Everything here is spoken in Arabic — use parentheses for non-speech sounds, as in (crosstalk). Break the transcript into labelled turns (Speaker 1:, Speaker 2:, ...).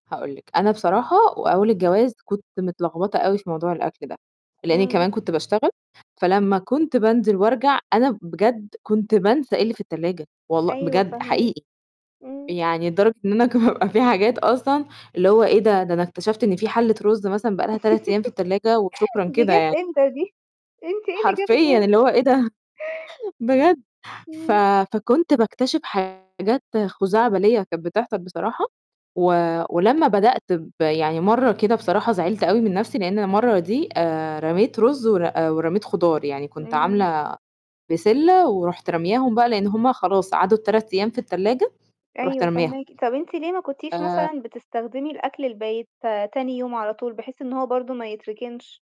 Speaker 1: هاقول لِك، أنا بصراحة وأول الجواز كنت متلخبطة أوي في موضوع الأكل ده، لإن
Speaker 2: إمم.
Speaker 1: كمان كنت باشتغل، فلمّا كنت بانزل وأرجع أنا بجد كنت بانسى إيه اللي في التلاجة، والله
Speaker 2: أيوه
Speaker 1: بجد
Speaker 2: فاهماكِ.
Speaker 1: حقيقي.
Speaker 2: إمم.
Speaker 1: يعني لدرجة إن أنا كان يبقى في حاجات أصلًا اللي هو إيه ده؟ ده أنا اكتشفت إن في حَلّة رُز مثلًا بقى لها 3 أيام في التلاجة وشكرًا
Speaker 2: (laughs) دي
Speaker 1: كده
Speaker 2: جات
Speaker 1: يعني.
Speaker 2: إمتى دي؟ أنتِ إيه اللي جابِك
Speaker 1: حرفيًا
Speaker 2: هنا؟
Speaker 1: اللي هو إيه ده؟! بجد. ف
Speaker 2: إمم.
Speaker 1: فكنت باكتشف حاجات خُزَعبلية كانت بتحصل بصراحة و ولمّا بدأت ب يعني مرّة كده بصراحة زعلت أوي من نَفْسي لإن المَرّة دي آآ رميت رُز ور ورميت خضار، يعني كنت
Speaker 2: إمم.
Speaker 1: عاملة بسِلة ورُحت رامياهم بقى لإن هم خلاص عدُّوا ال3 أيام في التلاجة، رُحت
Speaker 2: أيوه
Speaker 1: رامياهم.
Speaker 2: فاهماكِ، طَب أنتِ ليه ما كنتيش
Speaker 1: آآ
Speaker 2: مثلًا بتستخدمي الأكل البايت تاني يوم على طول، بحيث إن هو برضه ما يتركنش؟